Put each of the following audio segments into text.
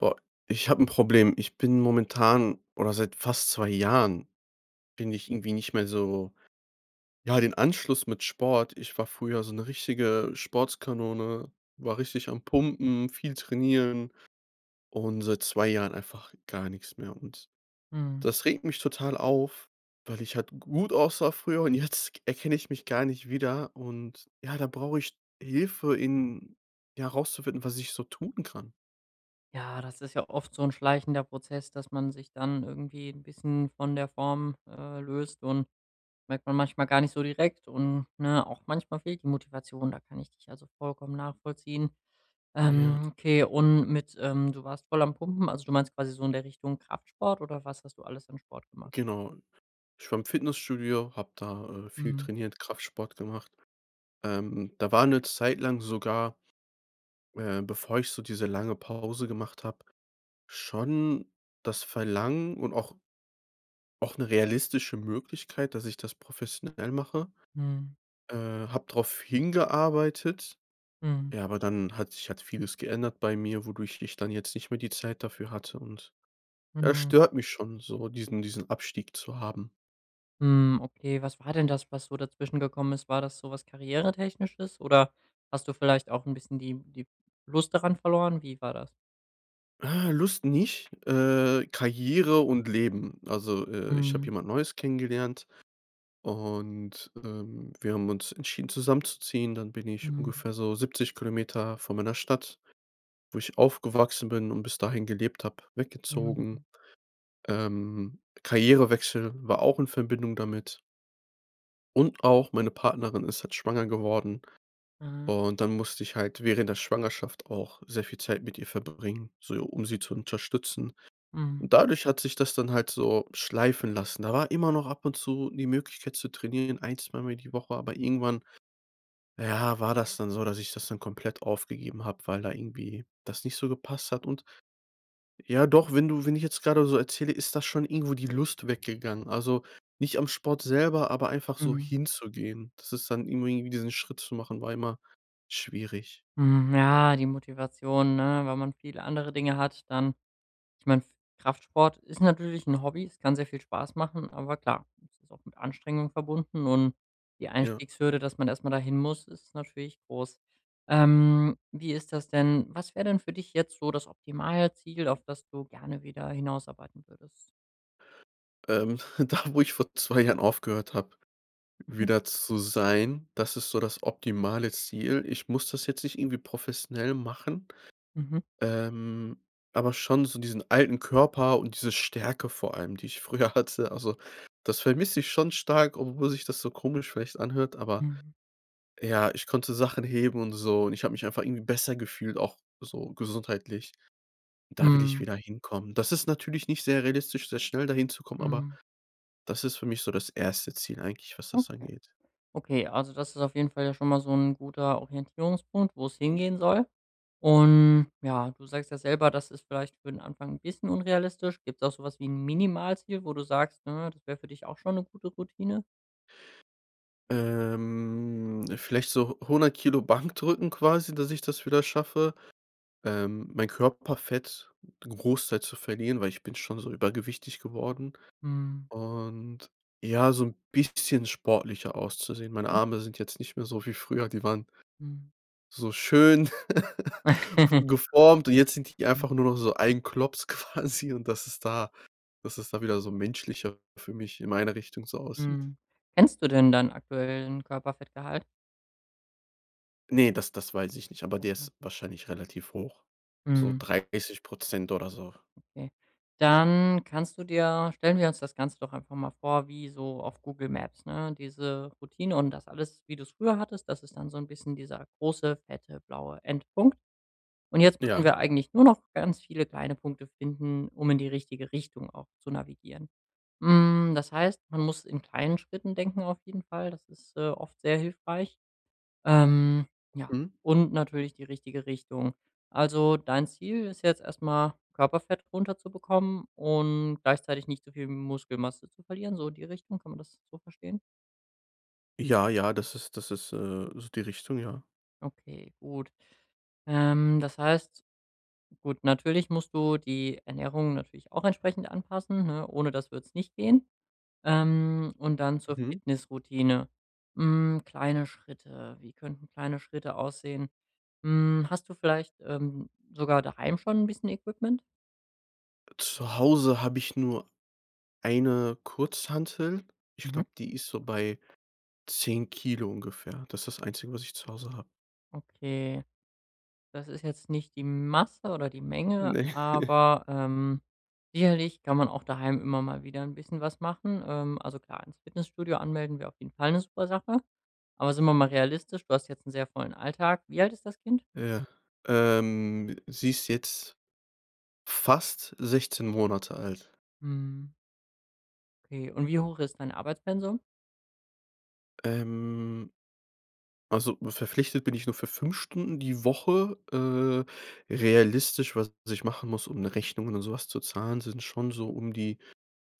Boah. Ich hab 'n Problem. Ich bin momentan oder seit fast 2 Jahren bin ich irgendwie nicht mehr so ja, den Anschluss mit Sport ich war früher so 'ne richtige Sportskanone, war richtig am Pumpen, viel trainieren und seit 2 Jahren einfach gar nix mehr. Und Mhm. das regt mich total auf, weil ich halt gut aussah früher und jetzt k erkenn ich mich gar nicht wieder. Und ja, da brauch ich Hilfe, in ja rauszufinden, was ich so tun kann. Ja, das ist ja oft so 'n schleichender Prozess, dass man sich dann irgendwie 'n bisschen von der Form, äh, löst und merkt man manchmal gar nicht so direkt und ne, auch manchmal fehlt die Motivation. Da kann ich dich also vollkommen nachvollziehen. Ja. Ähm, okay und mit ähm, du warst voll am Pumpen, also du meinst quasi so in der Richtung Kraftsport oder was hast du alles an Sport gemacht? Genau. Ich war im Fitnessstudio, hab da, äh, viel Mhm. trainiert, Kraftsport gemacht. Ähm, da war 'ne Zeit lang sogar äh, bevor ich so diese lange Pause gemacht hab, schon das Verlangen und auch auch 'ne realistische Möglichkeit, dass ich das professionell mache, Mhm. äh, hab drauf hingearbeitet. Mhm. Ja, aber dann hat sich hat vieles geändert bei mir, wodurch ich dann jetzt nicht mehr die Zeit dafür hatte und ja, Mhm. stört mich schon so, diesen diesen Abstieg zu haben. Hm, okay, was war denn das, was so dazwischen gekommen ist? War das so was karrieretechnisches, oder hast du vielleicht auch 'n bisschen die die Lust daran verloren? Wie war das? Ah, Lust nicht, äh, Karriere und Leben. Also, äh, ich hab Mhm. jemand Neues kennengelernt, und, ähm, wir haben uns entschieden zusammenzuziehen. Dann bin ich Mhm. ungefähr so 70 km von meiner Stadt, wo ich aufgewachsen bin und bis dahin gelebt hab, weggezogen. Mhm. Ähm, Karrierewechsel war auch in Verbindung damit. Und auch meine Partnerin ist halt schwanger geworden. Mhm. Und dann musste ich halt während der Schwangerschaft auch sehr viel Zeit mit ihr verbringen, so um sie zu unterstützen. Mhm. Und dadurch hat sich das dann halt so schleifen lassen. Da war immer noch ab und zu die Möglichkeit zu trainieren, 1, 2 Mal mehr die Woche, aber irgendwann, äh, ja, war das dann so, dass ich das dann komplett aufgegeben hab, weil da irgendwie das nicht so gepasst hat. Und Ja doch, wenn du wenn ich jetzt grade so erzähle, ist das schon irgendwo die Lust weggegangen. Also, nicht am Sport selber, aber einfach so Mhm. hinzugehen. Das ist dann irgendwie diesen Schritt zu machen, war immer schwierig. Mhm, ja, die Motivation, ne, wenn man viele andere Dinge hat, dann ich mein, Kraftsport ist natürlich 'n Hobby, es kann sehr viel Spaß machen, aber klar, es ist auch mit Anstrengung verbunden, und die Ja. Einstiegshürde, dass man erst mal dahin muss, ist natürlich groß. Ähm, wie ist das denn, was wär' denn für dich jetzt so das Optimalziel, auf das du gerne wieder hinausarbeiten würdest? Ähm, da, wo ich vor 2 Jahren aufgehört hab, Mhm. wieder zu sein, das ist so das optimale Ziel. Ich muss das jetzt nicht irgendwie professionell machen, Mhm. ähm, aber schon so diesen alten Körper und diese Stärke vor allem, die ich früher hatte, also, das vermiss ich schon stark, obwohl sich das so komisch vielleicht anhört, aber, Mhm. ja, ich konnte Sachen heben und so, und ich hab mich einfach irgendwie besser gefühlt auch so gesundheitlich. Da will ich Mhm. wieder hinkommen. Das ist natürlich nicht sehr realistisch, sehr schnell dahin zu kommen, aber Mhm das ist für mich so das 1. Ziel eigentlich, was das Okay. angeht. Okay, also das ist auf jeden Fall ja schon mal so'n guter Orientierungspunkt, wo's hingehen soll. Und, ja, du sagst ja selber, das ist vielleicht für'n Anfang 'n bisschen unrealistisch. Gibt's auch so was wie 'n Minimalziel, wo du sagst, ne, das wär für dich auch schon 'ne gute Routine? Ähm, vielleicht so hu 100 kg Bankdrücken quasi, dass ich das wieder schaffe, ähm mein Körperfett 'n Großteil zu verlieren, weil ich bin schon so übergewichtig geworden. Mhm. Und ja, so 'n bisschen sportlicher auszusehen. Meine Hm. Arme sind jetzt nicht mehr so wie früher. Die waren Mhm. so schön geformt. Und jetzt sind die Mhm. einfach nur noch so ein Klops quasi und dass es da dass es da wieder so menschlicher für mich, in meine Richtung so aussieht. Mhm, kennst du denn deinen aktuellen Körperfettgehalt? Ne, das das weiß ich nicht, aber der Okay. ist wahrscheinlich relativ hoch. So Mhm. 30 % Prozent oder so. Okay, dann kannst du dir stellen wir uns das Ganze doch einfach mal vor wie so auf Google Maps, ne, diese Routine und das alles, wie du’s früher hattest. Das ist dann so ’n bisschen dieser große fette blaue Endpunkt. Und jetzt müssen Ja. wir eigentlich nur noch ganz viele kleine Punkte finden, um in die richtige Richtung auch zu navigieren. Hm, das heißt, man muss in kleinen Schritten denken, auf jeden Fall, das ist, äh, oft sehr hilfreich. Ähm, ja, Mhm. und natürlich die richtige Richtung. Also dein Ziel ist jetzt erst mal, Körperfett runterzubekommen und gleichzeitig nicht so viel Muskelmasse zu verlieren, so die Richtung. Kann man das so verstehen? Ja, ja, das ist das ist, äh ist die Richtung, ja. Okay, gut. Ähm, das heißt, gut, natürlich musst du die Ernährung natürlich auch entsprechend anpassen, ne, ohne das würd's nicht gehen. Ähm, Und dann zur Mhm. Fitnessroutine. Hm, kleine Schritte, wie könnten kleine Schritte aussehen? Hm, hast du vielleicht, ähm, sogar daheim schon 'n bisschen Equipment? Zu Hause hab ich nur 1 Kurzhantel. Ich Mhm. glaub, die ist so bei 10kg ungefähr. Das ist das Einzige, was ich zu Hause hab. Okay. Das ist jetzt nicht die Masse oder die Menge, Ne. aber, ähm, sicherlich kann man auch daheim immer mal wieder 'n bisschen was machen. Ähm, also klar, ins Fitnessstudio anmelden wäre auf jeden Fall 'ne super Sache. Aber sind wir mal realistisch, du hast jetzt 'n sehr vollen Alltag. Wie alt ist das Kind? Ja. Ähm, sie ist jetzt fast 16 Monate alt. Mhm. Okay. Und wie hoch ist dein Arbeitspensum? Ähm. Also verpflichtet bin ich nur für 5 Stunden die Woche. Äh, realistisch was ich machen muss, um 'ne Rechnung oder so was zu zahlen sind's schon so um die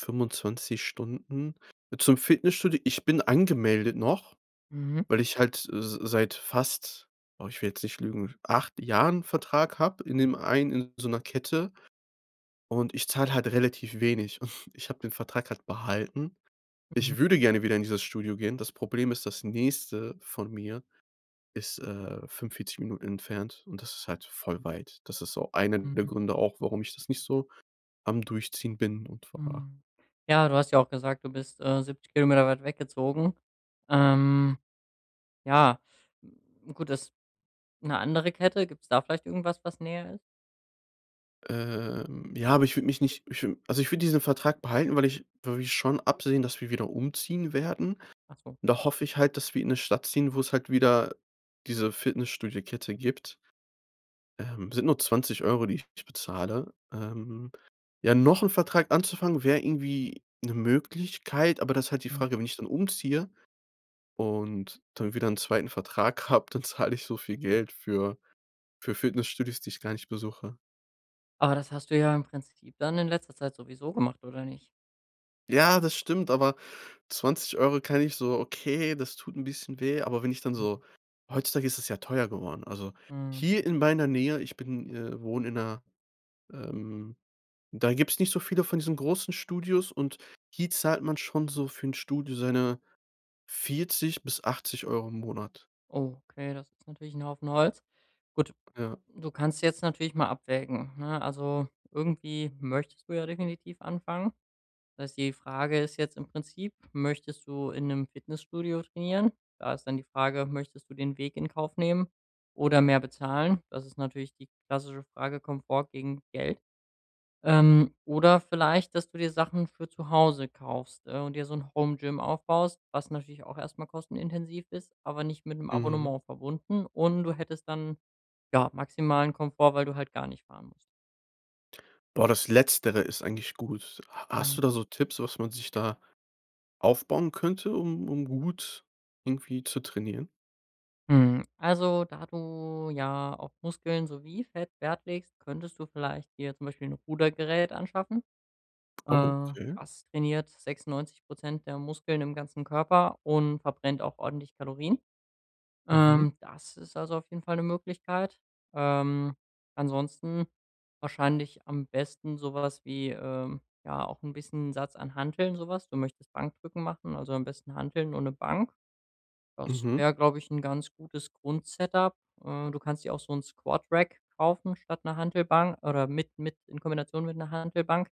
25 Stunden. Zum Fitnessstudio: Ich bin angemeldet noch, Mhm. weil ich halt s seit fast- oh, ich will jetzt nicht lügen- 8 Jahren Vertrag hab in dem einen in so 'ner Kette. Und, ich zahl halt relativ wenig. Ich hab den Vertrag halt behalten. Mhm. Ich würde gerne wieder in dieses Studio gehen. Das Problem ist, das nächste von mir ist, äh, 45 Minuten entfernt, und das ist halt voll weit. Das ist so einer der Mhm. Gründe auch, warum ich das nicht so am Durchziehen bin und war. Hm. Ja, du hast ja auch gesagt, du bist, äh, 70km weit weggezogen. Ähm, ja, gut, das 'ne andere Kette? Gibt's da vielleicht irgendwas, was näher ist? Ähm, ja, aber ich würd mich nicht ich also, ich würde diesen Vertrag behalten, weil ich wir schon absehen, dass wir wieder umziehen werden. Ach so. Und da hoffe ich halt, dass wir in 'ne Stadt ziehen, wo's halt wieder diese Fitnessstudiokette gibt. Ähm, sind nur 20€, die ich bezahle. Ähm, ja, noch ’n Vertrag anzufangen wär irgendwie ’ne Möglichkeit, aber da ist halt die Mhm. Frage, wenn ich dann umziehe und dann wieder ’n 2. Vertrag hab, dann zahle ich so viel Geld für für Fitnessstudios, die ich gar nicht besuche. Aber das hast du ja im Prinzip dann in letzter Zeit sowieso gemacht, oder nicht? Ja, das stimmt, aber 20 € kann ich so okay, das tut ’n bisschen weh, aber wenn ich dann Mhm. so heutzutage ist das ja teuer geworden. Also, Mhm. hier in meiner Nähe ich bin äh, wohne in ’ner, ähm Da gibt's nicht so viele von diesen großen Studios, und hier zahlt man schon so für ’n Studio seine 40 bis 80 € im Monat. Oh, okay, das ist natürlich ’n Haufen Holz. Gut, Ja. du kannst jetzt natürlich mal abwägen, ne? Also, irgendwie möchtest du ja definitiv anfangen. Das heißt, die Frage ist jetzt im Prinzip: Möchtest du in ’nem Fitnessstudio trainieren? Da ist dann die Frage: Möchtest du den Weg in Kauf nehmen oder mehr bezahlen? Das ist natürlich die klassische Frage: Komfort gegen Geld. Ähm, oder vielleicht, dass du dir Sachen für zu Hause kaufst, ne, und dir so ’n Home-Gym aufbaust, was natürlich auch erst mal kostenintensiv ist, aber nicht mit ’nem Mhm. Abonnement verbunden, und du hättest dann, ja, maximalen Komfort, weil du halt gar nicht fahren musst. Boah, das Letztere ist eigentlich gut. Ha Hm. hast du da so Tipps, was man sich da aufbauen könnte, um um gut irgendwie zu trainieren? Mhm, also da du ja auf Muskeln sowie Fett Wert legst, könntest du vielleicht dir zum Beispiel 'n Rudergerät anschaffen. Ah, Äh, okay. das trainiert 96 % der Muskeln im ganzen Körper und verbrennt auch ordentlich Kalorien. Mhm. Ähm, das ist also auf jeden Fall 'ne Möglichkeit. Ähm, ansonsten wahrscheinlich am besten so was wie, ähm, ja, auch 'n bisschen 'n Satz an Hanteln, so was. Du möchtest Bankdrücken machen, also am besten Hanteln und 'ne Bank. Das Mhm. wär, glaub ich, 'n ganz gutes Grund-Setup. Äh, du kannst dir auch so'n Squadrack kaufen statt 'ner Hantelbank oder mit mit in Kombination mit 'ner Hantelbank.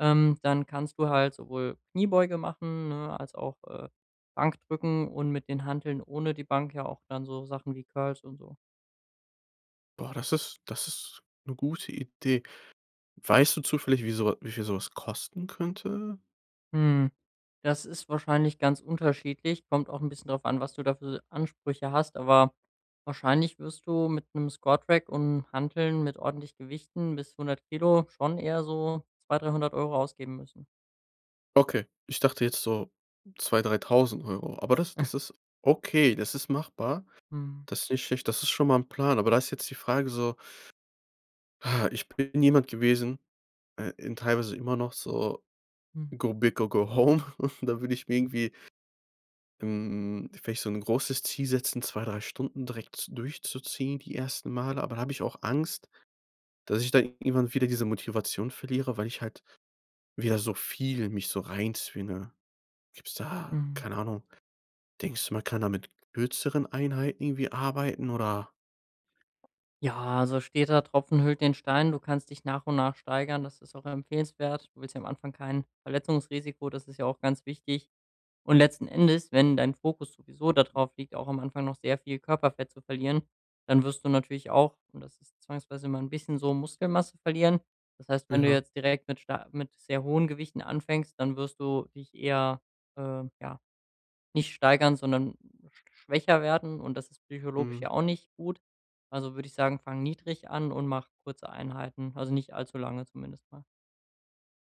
Ähm, dann kannst du halt sowohl Kniebeuge machen, ne, als auch, äh, Bankdrücken und mit den Hanteln ohne die Bank ja auch dann so Sachen wie Curls und so. Boah, das ist das ist 'ne gute Idee. Weißt du zufällig, wie so wie wie viel so was kosten könnte? Mhm, das ist wahrscheinlich ganz unterschiedlich, kommt auch ’n bisschen drauf an, was du da für Ansprüche hast, aber wahrscheinlich wirst du mit ’nem Squat-Rack und Hanteln mit ordentlich Gewichten bis 100kg schon eher so 2-, 300 € ausgeben müssen. Okay, ich dachte jetzt so 2- 3000 €. Aber das das ist okay, das ist machbar. Mhm. Das ist nicht schlecht, das ist schon mal ’n Plan. Aber da ist jetzt die Frage so ich bin jemand gewesen äh, in teilweise immer noch so Mhm. Go big or go home und da würd ich mir irgendwie ähm, vielleicht so ’n großes Ziel setzen, 2, 3 Stunden direkt durchzuziehen die ersten Male. Aber da habe ich auch Angst, dass ich da irgendwann wieder diese Motivation verliere, weil ich halt wieder so viel mich so reinzwinge. Gibt's da Mhm. keine Ahnung. Denkst du, man, kann man mit kürzeren Einheiten irgendwie arbeiten, oder? Ja, also steter Tropfen höhlt den Stein. Du kannst dich nach und nach steigern, das ist auch empfehlenswert. Du willst ja am Anfang kein Verletzungsrisiko, das ist ja auch ganz wichtig. Und letzten Endes, wenn dein Fokus sowieso dadrauf liegt, auch am Anfang noch sehr viel Körperfett zu verlieren, dann wirst du natürlich auch, und das ist zwangsweise immer ’n bisschen so, Muskelmasse verlieren. Das heißt, Äh, wenn du ja. jetzt direkt mit star mit sehr hohen Gewichten anfängst, dann wirst du dich eher, äh, ja, nicht steigern, sondern schwächer werden, und das ist psychologisch Mhm. ja auch nicht gut. Also, würd ich sagen, fang niedrig an und mach kurze Einheiten, also nicht allzu lange zumindest, ne?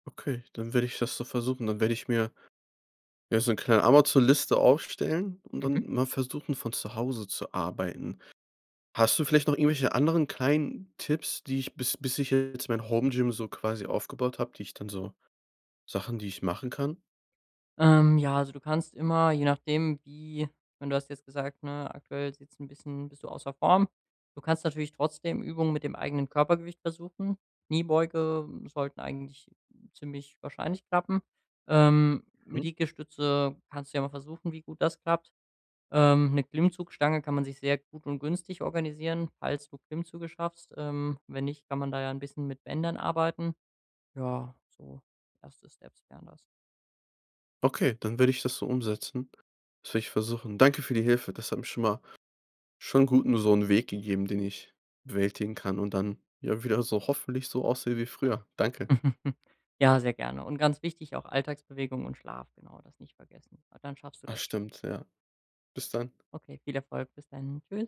Okay, dann werde ich das so versuchen. Dann werde ich mir, ja, so ’ne kleine Amazon-Liste aufstellen und Mhm. dann mal versuchen, von zu Hause zu arbeiten. Hast du vielleicht noch irgendwelche anderen kleinen Tipps, die ich bis bis ich jetzt mein Home-Gym so quasi aufgebaut hab, die ich dann so Sachen die ich machen kann? Ähm, ja, also du kannst immer, je nachdem wie ich meine, du hast jetzt gesagt, ne, aktuell sieht's ’n bisschen bist du außer Form. Du kannst natürlich trotzdem Übungen mit dem eigenen Körpergewicht versuchen. Kniebeugen sollten eigentlich ziemlich wahrscheinlich klappen, ähm, mit Mhm. Liegestütze kannst du ja mal versuchen, wie gut das klappt. Ähm, ne Klimmzugstange kann man sich sehr gut und günstig organisieren, falls du Klimmzüge schaffst. Ähm, wenn nicht, kann man da ja ’n bisschen mit Bändern arbeiten. Ja, so 1. Steps wären das. Okay, dann werde ich das so umsetzen. Das werde ich versuchen. Danke für die Hilfe. Das hat mir schon mal schon gut, nur so'nen Weg gegeben, den ich bewältigen kann, und dann ja wieder so hoffentlich so aussehe wie früher. Danke. Ja, sehr gerne, und ganz wichtig auch Alltagsbewegung und Schlaf, genau, das nicht vergessen. Dann schaffst du Ach das schon. stimmt, ja. Bis dann. Okay, viel Erfolg bis dahin. Tschüss.